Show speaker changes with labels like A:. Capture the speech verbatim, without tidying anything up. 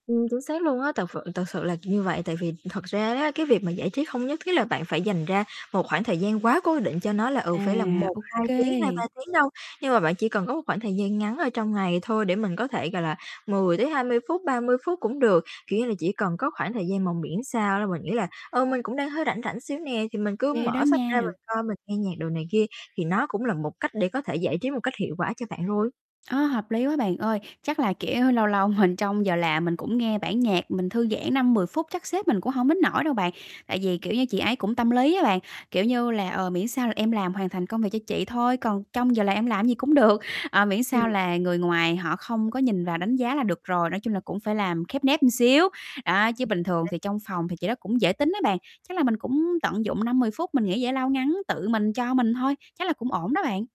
A: Ừm, chính xác luôn á. Thật phự thật sự là như vậy, tại vì thật ra đó, cái việc mà giải trí không nhất thiết là bạn phải dành ra một khoảng thời gian quá cố định cho nó là, ừ,
B: À,
A: phải là một
B: ô
A: hai tiếng, hai
B: kê.
A: ba tiếng đâu. Nhưng mà bạn chỉ cần có một khoảng thời gian ngắn ở trong ngày thôi để mình có thể, gọi là, mười tới hai mươi phút, ba mươi phút cũng được, kiểu như là, chỉ cần có khoảng thời gian mà miễn sao đó mình nghĩ là "Ừ, mình cũng đang hơi rảnh rảnh xíu nè, thì mình cứ
B: Kê đó
A: mở sách ra
B: nha.
A: mình coi, mình nghe nhạc đồ này kia", thì nó cũng là một cách để có thể giải trí một cách hiệu quả cho bạn rồi.
B: Ơ, hợp lý quá bạn ơi! Chắc là kiểu lâu lâu mình trong giờ làm mình cũng nghe bản nhạc, mình thư giãn năm mười phút, chắc sếp mình cũng hổng đến nỗi đâu bạn. Tại vì, kiểu như, chị ấy cũng tâm lý á bạn, kiểu như là, "Ờ, miễn sao là em làm hoàn thành công việc cho chị thôi, còn trong giờ làm em làm cái gì cũng được." Ờ, miễn sao
A: Ừm.
B: là người ngoài họ không có nhìn vào đánh giá là được rồi, nói chung là cũng phải làm khép nép ừn xíu, đó. Chứ bình thường thì trong phòng thì chị đó cũng dễ tính á bạn. Chắc là mình cũng tận dụng năm mười phút mình nghỉ giải lao ngắn tự mình cho mình thôi, chắc là cũng ổn đó bạn.